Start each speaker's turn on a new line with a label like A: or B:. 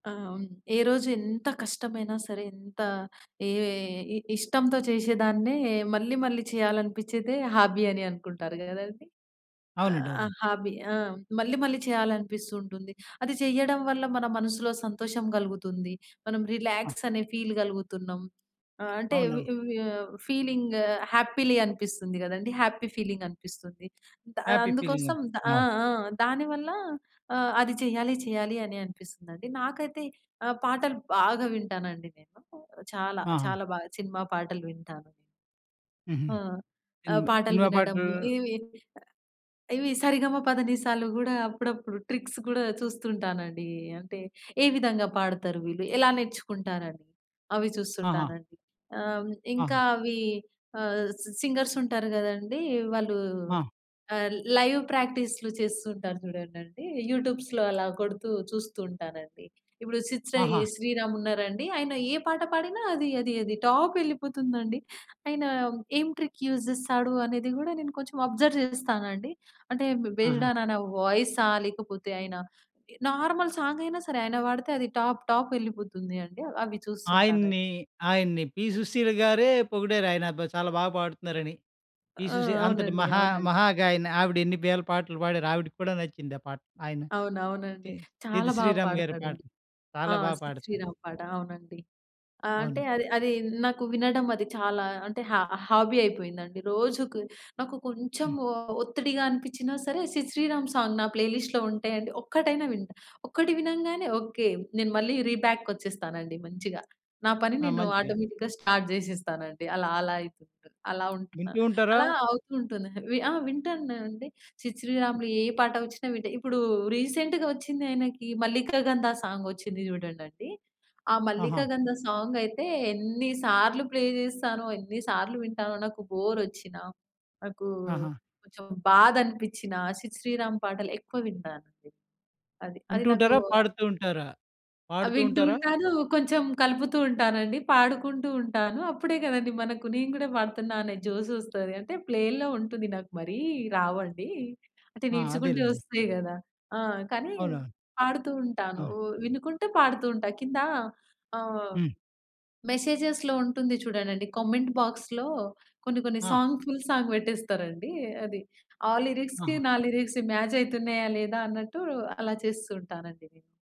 A: ఆహ్, హ్మ్ ఏ రోజు ఎంత కష్టమైనా సరే ఎంత ఏ ఏ ఇ ఇష్టంతో చేసేదాన్నే మళ్ళీ మళ్ళీ చేయాలనిపించేదే హాబీ అని అనుకుంటారు గదండీ! ఆహ్,
B: అవునండవునండి.
A: హాబీ ఆ! మళ్ళీ మళ్ళీ చేయాలనిపిస్తూ ఉంటుంది. అది చేయడం వల్ల మన మనసులో సంతోషం గలుగుతుంది. మనం
B: ఆ!
A: రిలాక్స్ అనే ఫీల్ గలుగుతున్నాం. ఆహ్, అంటే ఇవి
B: అవునవును.
A: ఇవే ఫీలింగ్ హ్యాపీలీ అనిపిస్తుంది గదండీ! హ్యాపీ ఫీలింగ్ అనిపిస్తుంది. దా
B: హ్యాపీ ఫీలింగ్ అది.
A: అందుకోసం దా ఆ!
B: అవును.
A: ఆ! దాని వల్ల ఆ! అది చెయ్యాలి చెయ్యాలి అని అనిపిస్తుందండి. నాకైతే ఆ! పాటలు బాగా వింటానండి నేను చాలా.
B: ఆా! హ్మ్.
A: చాలా బాగా సినిమా పాటలు వింటాను.
B: హుహు.
A: ఆ! ఆహ్,
B: సినిమా
A: పాటలు
B: సినిమా పాటలు.
A: వినడము, ఇవి ఇవి సరిగమ పదనిసాలు గూడా అప్పుడప్పుడు ట్రిక్స్ గూడా చూస్తుంటానండి. అంటే, ఏ విధంగా పాడతారు వీళ్ళు, ఎలా నేర్చుకుంటారని అవి
B: ఆహా!
A: చూస్తుంటానండి. ఆహ్, ఇంకా
B: ఆ!
A: అవి ఆహ్, సి సింగర్స్ ఉంటారు గదండీ! వాళ్ళు
B: ఆ!
A: ఆహ్, లైవ్ ప్రాక్టీస్లు చేస్తూ ఉంటారు చూడండండి యూట్యూబ్స్‌లో అలా కొడుతూ చూస్తూ ఉంటానండి. ఇప్పుడు 'సిద్ శ్రీ
B: ఆహా!
A: శ్రీరామ్' ఉన్నారా అండి, ఆయన ఏ పాట పాడిన అది, అది, అది టాప్ వెళ్ళిపోతుందండి. ఆయన ఏం ట్రిక్ యూజ్ జేస్తాడు అనేది గూడా నేను కొంచెం అబ్జర్వ్ చేస్తానండి. అంటే బేస్డ్
B: ఆహా!
A: ఆన్ నా నా వాయిస్సా లేకపోతే, ఆయన ఎ నార్మల్ సాంగ్ అయినా సరే, ఆయన పాడితే అది టాప్ టాప్ వెళ్ళిపోతుంది అండి అవి చూస్తుంటానండి.
B: ఆయన్ని ఆయన్ని 'పి సుశీల' గారే పొగిడారు ఆయన అబ్బా! చాలా బాగా పాడుతున్నారని. 'పి
A: ఆ!
B: సుశీల' అంతటి
A: అవునండి.
B: మహా
A: అవునండి.
B: మహాగాయని ఆవిడ ఎన్ని వేల పాటలు పాడారో ఆవిడకి కూడా నచ్చింది ఆ పాట. ఆయన
A: అవును. అవునండి.
B: తే 'సిద్
A: చాలా బాగా
B: శ్రీరామ్' గారి
A: పాడతాడండి.
B: పాటలు
A: ఆ!
B: చాలా బా
A: 'సిద్
B: పాడతారు.
A: శ్రీరామ్' పాట అవునండి. ఆహ్, అంటే
B: అవును.
A: అది అది నాకు వినడం అది చాలా అంటే హా హాబీ అయిపోయిందండి. రోజుకి నాకు కొంచెం
B: హ్మ్.
A: ఒ ఒత్తిడిగా అనిపిచ్చినా సరే 'సిద్ శ్రీరామ్' సాంగ్ నా ప్లే లిస్ట్‌లో ఉంటయండి. ఒక్కటైనా వింటా. ఒక్కటి వినంగానే ఓకే. నేను మళ్ళీ రీబ్యాక్ కొచ్చేస్తానండి మంచిగా. నా పని
B: ఆ!
A: నేను
B: మంచిగా.
A: ఆటోమేటిక్‌గా స్టార్ట్ జేసేస్తానండి అలా అలాయితూంటుంది. అలా ఉంటున్నా.
B: వింటూ ఉంటారా?
A: అలా అవుతూ ఉంటుంది. వి ఆ! వింటానండి 'సిద్ శ్రీరామ్‌లు' ఏ పాట వచ్చినా వింటా. ఇప్పుడు రీసెంట్‌గా వచ్చింది ఆయనకి 'మల్లికా గంధ' సాంగ్ వచ్చింది చూడండండి. ఆ
B: ఆహా!
A: 'మల్లికా గంధ' సాంగ్ అయితే ఎన్ని సార్లు ప్లే చేస్తానో, ఎన్ని సార్లు వింటానో, నాకు బోర్ వచ్చిన, నాకు
B: ఆహా!
A: కొంచెం బాధ అనిపించినా, 'సిద్ శ్రీరామ్' పాటలు ఎక్కువ వింటానండి. అది. అది
B: వింటూ
A: నాకు
B: ఉంటారా, పాడుతూ ఉంటారా,
A: ఆ!
B: పాడుతూ
A: వింటూ
B: ఉంటారా?
A: ఉంటాను. కొంచెం కలుపుతూ ఉంటానండి. పాడుకుంటూ ఉంటాను. అప్పుడే కదండీ! మనకు నేను కూడా పాడుతున్నా అనే జోస్ వస్తది. అంటే ప్లేల్లో ఉంటుంది. నాకు మరీ రావండి. అంటే
B: ఆ!
A: నిల్చుకుంటూ
B: అదేలెండి.
A: వస్తాయి గదా! ఆ! కానీ,
B: అవునా?
A: పాడుతూ ఉంటాను.
B: అవును.
A: ఉ వినుకుంటే పాడుతూ ఉంటా. కింద ఆహ్,
B: హ్మ్.
A: మెసేజెస్‌లో ఉంటుంది చూడండండి కమెంట్ బాక్స్‌లో కొన్ని కొన్ని
B: ఆ!
A: సాంగ్ ఫుల్ సాంగ్ పెట్టేస్తారండి అది. ఆ లిరిక్స్‌కి
B: ఆహా!
A: నా లిరిక్స్‌కి మ్యాచ్ అయితున్నయా? లేదా? అన్నట్టు అలా చేస్తూ ఉంటానండి నేను.